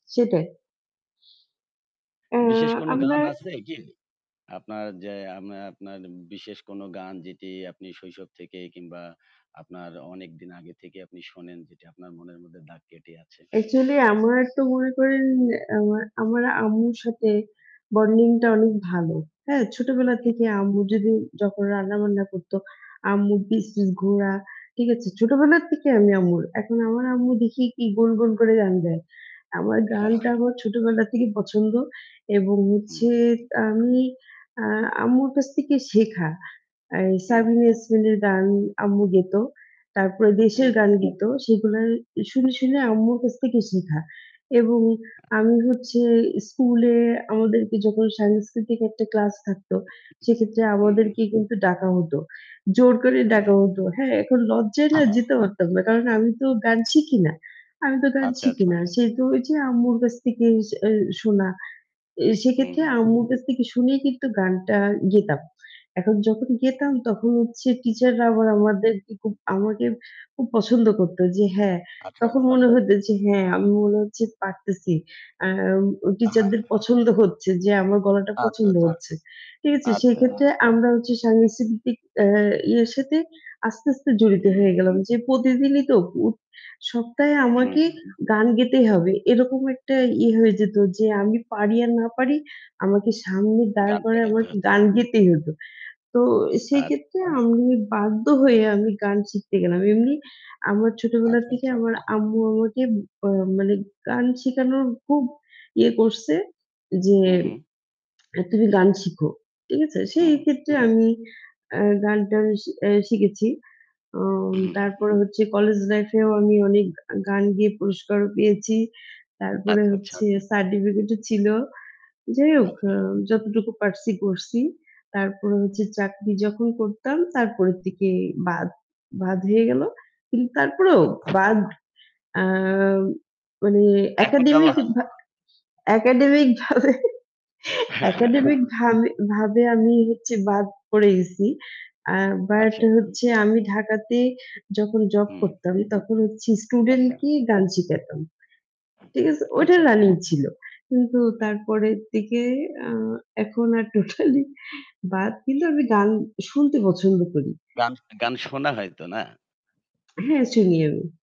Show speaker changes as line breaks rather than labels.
সেটাই। আ
বিশেষ কোনো গান
আমর
আছে কি? আপনার যে আমা আপনার বিশেষ কোনো গান যেটি আপনি শৈশব থেকে কিংবা আপনার অনেকদিন আগে থেকে আপনি শোনেন যেটি আপনার মনের মধ্যে দাগ কেটে আছে।
অ্যাকচুয়ালি আমার তো মনে করেন আ আমার আম্মুর সাথে বন্ডিংটা অনেক ভালো। হ্যাঁ? ছোটবেলা
হুম।
থেকে আম্মু যদি যখন রান্না-বান্না করত, আম্মুর পিস, পিস ঘোরা, ঠিক আছে? ছোটবেলা থেকেই আমি আম্মুর। এখন আমার আম্মু দেখি কি, গুন গুন করে গান গায়। আমার
হ
গানটা
হ্যাঁ
আমার ছোটবেলা থেকেই পছন্দ এবং
হুম।
হচ্ছে আমি আ আম্মুর কাছ থেকে শেখা। এ
হু।
সাবিনা ইয়াসমিনের গান আম্মু গেত। তারপরে
হু,
দেশের
হু।
গান গেত সেগুলার শুনে, শুনে আম্মুর কাছ থেকে শিখা। এবং
আ
আমি হচ্ছে স্কুলে আমাদেরকে যখন সাংস্কৃতিক একটা ক্লাস থাকতো সেক্ষেত্রে
হু, হু।
আমাদেরকে কিন্তু ডাকা হত। জোর করে ডাকা
এ
হত। হ্যাঁ, এখন লজ্জায় না যেতে পারতাম না। কারণ আমি তো গান শিখি না। আমি তো গান
আচ্ছা,
শিখি
আচ্ছা।
না। সে তো ওইযে আম্মুর কাছ থেকে এ শোনা। এ
হু,
সেক্ষেত্রে
হু।
আম্মুর কাছ থেকে শুনেই কিন্তু গানটা গেতাম। এখন যখন গেতাম তখন হচ্ছে টিচাররা আবার আমাদেরকে খুব আমাকে খুব পছন্দ করতো যে হ্যাঁ,
আচ্ছা,
তখন
আচ্ছা।
মনে হতো যে হ্যাঁ আমি মনে হচ্ছে পারতেছি। আ উ
আ হ্যাঁ।
টিচারদের পছন্দ হচ্ছে যে আমার গলাটা
আচ্ছা,
পছন্দ
আচ্ছা।
হচ্ছে। ঠিক আছে?
আচ্ছা।
সেক্ষেত্রে আমরা হচ্ছে সাংস্কৃতিক আ ইয়ের সাথে আস্তে, আস্তে জড়িত হয়ে
হু।
গেলাম। যে প্রতিদিনই তো উ সপ্তাহে
উ
আমাকে
হু।
গান গেতে হবে। এরকম একটা ইয়ে হয়ে যেত যে আমি পারি আর না পারি আমাকে সামনে দাঁড়
গান টা
করে
গাইতে
আমাকে
হচ্ছে।
গান গেতেই হত। তো সেই
আ
ক্ষেত্রে আমি বাধ্য হয়ে আমি গান শিখতে গেলাম। এমনি আমার ছোটবেলা
আচ্ছা,
থেকে
আচ্ছা।
আমার আম্মু আমাকে আ মানে গান শিখানোর খুব ইয়ে করছে যে
হু, হু।
আ তুমি গান শিখো। ঠিক আছে?
হু,
সেই
হু।
ক্ষেত্রে আমি আ গানটা এ সে এ শিখেছি। আ
হু, হু।
তারপরে হচ্ছে কলেজ লাইফ এও আমি অনেক গান গেয়ে পুরস্কারও পেয়েছি। তারপরে
আচ্ছা, আচ্ছা।
হচ্ছে সার্টিফিকেট ও ছিল। যাই হোক অ
আচ্ছা।
যতটুকু আ পারছি করছি। তারপরে হচ্ছে চাকরি যখন করতাম তারপরের থেকে বাদ, বাদ হয়ে গেল। কিন্তু তারপরেও
আচ্ছা।
বাদ আ মানে
এখন গাওয়া
একাডেমিক
হয়?
ভাবে একাডেমিক ভাবে একাডেমিক ভাবে ভাবে আমি হচ্ছে বাদ পড়ে গেছি। আ বাট
আচ্ছা।
হচ্ছে আমি ঢাকাতে যখন জব
হুঁ।
করতাম তখন হচ্ছে স্টুডেন্ট
আচ্ছা।
কে গান শিখাতাম। ঠিক আছে? ওটা
আচ্ছা, আচ্ছা।
রানিং ছিল। কিন্তু তারপরের দিকে আ এখন আর টোটালি বাদ কিন্তু আমি গান শুনতে পছন্দ করি।
গান শনে গান শোনা হয়তো না?
হ্যাঁ শুনি আমি।